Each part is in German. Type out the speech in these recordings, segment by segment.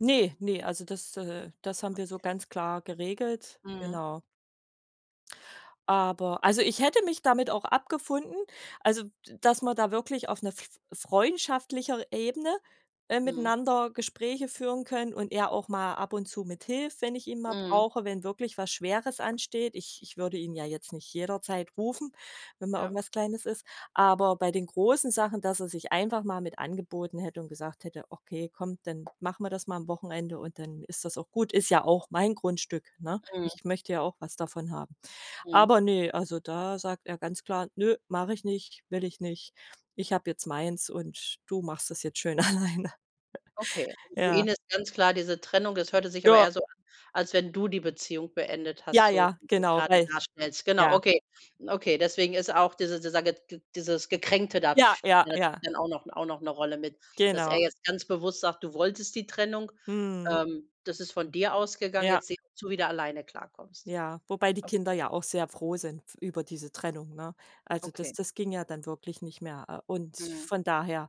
Ne, ne, also das äh, das haben wir so Okay. ganz klar geregelt, Mhm. genau. Aber also ich hätte mich damit auch abgefunden, also d dass wir da wirklich auf 'ner f freundschaftlicher Ebene, äh, Mhm. miteinander Gespräche führen können und er auch mal ab und zu mithilft, wenn ich ihn mal Mhm. brauche, wenn wirklich was Schweres ansteht. Ich ich würde ihn ja jetzt nicht jederzeit rufen, wenn mal Ja. irgendwas Kleines ist. Aber bei den großen Sachen, dass er sich einfach mal mit angeboten hätte und gesagt hätte: „Okay, komm, dann machen wir das mal am Wochenende, und dann ist das auch gut. Ist ja auch mein Grundstück, ne? Mhm. Ich möchte ja auch was davon haben.‟ Mhm. Aber, ne, also da sagt er ganz klar: „Ne, mache ich nicht, will ich nicht. Ich habe jetzt meins, und du machst das jetzt schön alleine.‟ Okay, für Ja. ihn ist ganz klar diese Trennung. Das hörte sich aber Ja. eher so an, als wenn du die Beziehung beendet Ja, hast, so ja, wie du es genau, grade weil darstellst. Genau, Ja. okay. Okay, deswegen ist auch dieser dieser ge g dieses Gekränkte da, Ja, ja, spielt natürlich ja. dann auch noch auch noch 'ne Rolle mit, dass er Genau. jetzt ganz bewusst sagt: „Du wolltest die Trennung, Mhm. ähm, das ist von dir ausgegangen, Ja. jetzt sieh zu, wie du alleine klarkommst.“ Ja, wobei die Okay. Kinder ja auch sehr froh sind f über diese Trennung, ne? Also das Okay. das ging ja dann wirklich nicht mehr, äh. Und Mhm. von daher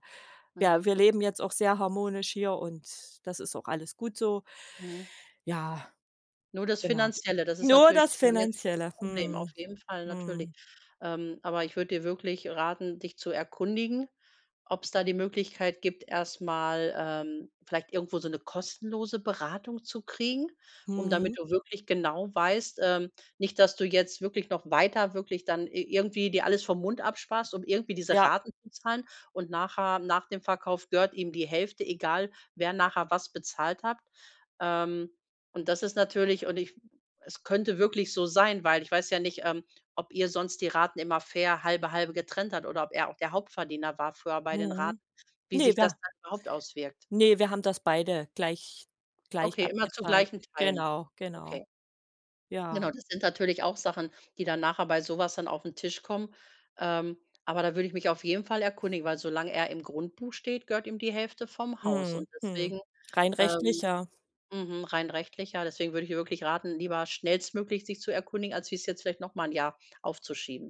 ja, Mhm. wir leben jetzt auch sehr harmonisch hier, und das ist auch alles gut so. Mhm. Ja, Nur das genau. Finanzielle, das ist Nur natürlich das schon jetzt, äh, 'n Finanzielle. Problem Mhm. auf jeden Fall natürlich. Mhm. Ähm. Aber ich würde dir wirklich raten, dich zu erkundigen, ob's da die Möglichkeit gibt, erst mal, ähm, vielleicht irgendwo so 'ne kostenlose Beratung zu kriegen, um damit Mhm. du wirklich genau weißt ähm, nicht, dass du jetzt wirklich noch weiter wirklich dann i irgendwie dir alles vom Mund absparst, um irgendwie diese Ja. Raten zu zahlen. Und nachher, nach dem Verkauf, gehört ihm die Hälfte, egal, wer nachher was bezahlt hat. Ähm Und das ist natürlich und ich es könnte wirklich so sein weil ich weiß ja nicht, ähm, ob ihr sonst die Raten immer fair halbe halbe getrennt habt oder ob er auch der Hauptverdiener war früher bei den Mhm. Raten wie Ne, sich das da dann überhaupt auswirkt. Ne, wir haben das beide gleich gleich Okay, immer zu abgezahlt. gleichen Teilen? Genau, genau. Okay. Ja. Genau, das sind natürlich auch Sachen, die dann nachher bei so was dann aufn Tisch kommen. Ähm, aber da würde ich mich auf jeden Fall erkundigen, weil solange er im Grundbuch steht, gehört ihm die Hälfte vom Haus Mhm. und Mhm. deswegen Rein rechtlich, ähm, ja. mhm, rein rechtlich ja, deswegen würde ich dir wirklich raten, lieber schnellstmöglich dich zu erkundigen, als wie es jetzt vielleicht noch mal 'n Jahr aufzuschieben.